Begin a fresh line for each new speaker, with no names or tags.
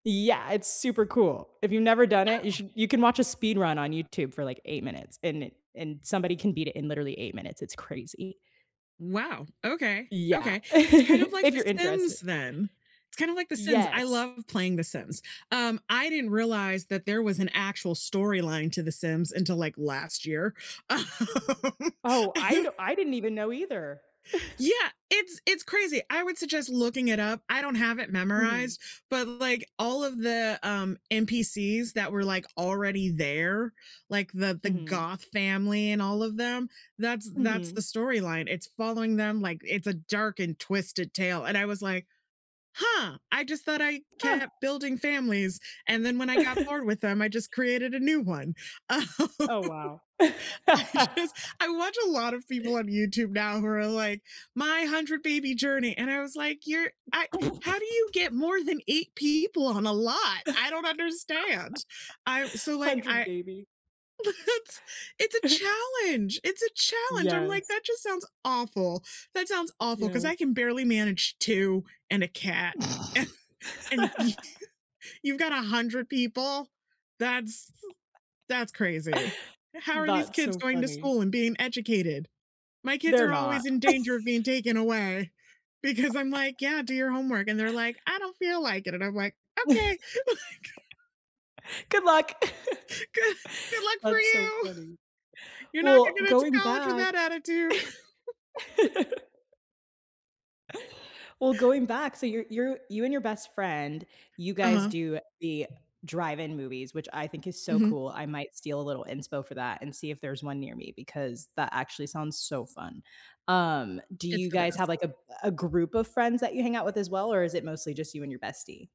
Yeah, it's super cool. If you've never done it, you
[unintelligible]
should you can watch a speed run on YouTube for, like, 8 minutes, and it and somebody can beat it in literally 8 minutes, it's crazy.
Wow, okay,
Yeah,
okay. It's kind of, like,
if you're
The
interested.
Sims then, it's kinda like The Sims, I
Yes.
love playing The Sims. Um, I didn't realize that there was an actual storyline to The Sims until, like, last year. Um,
Oh, I
you
do I didn't even know either.
Yeah, it's it's crazy, I would suggest looking it up. I don't have it
Mhm.
memorized, but, like, all of the, um, NPCs that were, like, already there, like, the the
Mhm.
Goth family and all of them, that's that's
Mhm.
the storyline. It's following them like, it's a dark and twisted tale, and I was like, "Huh, I just thought I
Uh
kept building families, and then when I got bored with them, I just created a new one." Um,
Oh, wow.
I just I watch a lot of people on YouTube now who are like, "My hundred-baby journey," and I was like, "You're I how do you get more than 8 people on a lot? I don't understand." I so like
100
I
baby.
It's it's a challenge, it's a challenge, I'm like,
Yes.
"That just sounds awful." That sounds awful, 'cause I
Yes.
can barely manage 2 and a cat, and you you've got 100 people? That's that's crazy. How are these
That's
kids
so
going to
funny.
school and being educated? My kids
They're
are
not.
always in danger of being taken away because I'm like, "Yeah, do your homework," and they're like, "I don't feel like it," and I'm like, "Okay." Like
Good luck!
"good good luck for
That's so
you!
funny.
You're not gonna
Well,
get into
going
college with
back
that attitude."
well, going back, so you're you're you and your best friend, you guys
Uh-huh.
do the drive-in movies, which I think is so
Mhm.
cool, I might steal a little inspo for that and see if there's one near me because that actually sounds so fun. Um, do
It's
you
the
guys have,
best.
like, a b a group of friends that you hang out with as well, or is it mostly just you and your bestie?